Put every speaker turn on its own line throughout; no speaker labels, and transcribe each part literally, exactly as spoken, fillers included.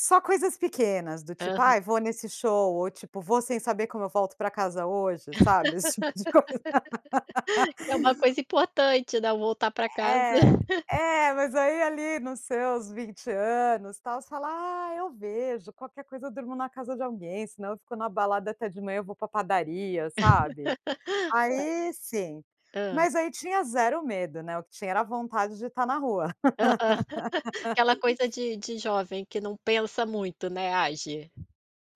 Só coisas pequenas, do tipo:
Aham.
"Ai vou nesse show." Ou tipo: "Vou sem saber como eu volto para casa hoje". Sabe, esse tipo de coisa.
É uma coisa importante não voltar para casa.
É, é mas aí ali nos seus vinte anos tal, você fala: "Ah, eu vejo qualquer coisa, eu durmo na casa de alguém. Senão eu fico na balada até de manhã eu vou para padaria". Sabe?
É.
Aí sim,
Hã.
mas aí tinha zero medo, né. O que tinha era a vontade de estar na rua.
Aham, aquela coisa de de jovem que não pensa muito, né, age.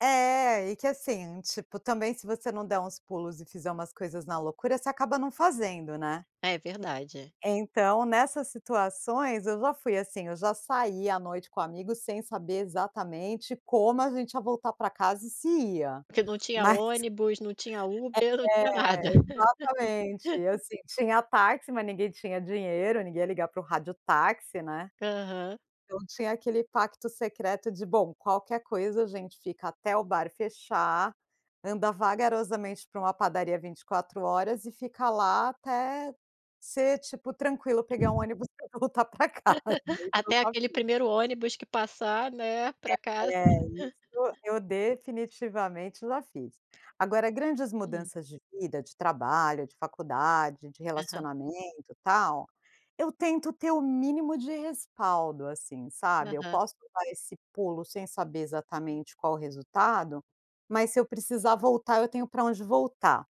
É, e que, assim, tipo, também se você não der uns pulos e fizer umas coisas na loucura, você acaba não fazendo, né.
É verdade.
Então, nessas situações eu já fui assim. Eu já saí à noite com amigos sem saber, exatamente, como a gente ia voltar para casa e se ia,
Porque não tinha
mas
ônibus, não tinha Uber, não
É,
tinha nada.
exatamente, assim, tinha táxi mas ninguém tinha dinheiro, ninguém ia ligar para o rádio táxi, né.
Aham.
Então, tinha aquele pacto secreto de: "Bom, qualquer coisa a gente fica até o bar fechar, anda vagarosamente para uma padaria vinte e quatro horas e fica lá até, ser, tipo, tranquilo pegar um ônibus e voltar para casa." Isso eu
Até
já
aquele
fiz.
primeiro ônibus que passar, né, para casa.
É, isso eu definitivamente já fiz. Agora grandes
Hum.
mudanças de vida, de trabalho, de faculdade, de
Aham.
relacionamento, tal. Eu tento ter o mínimo de respaldo, assim, sabe. Eu
Aham.
posso dar esse pulo sem saber exatamente qual o resultado, mas se eu precisar voltar eu tenho para onde voltar.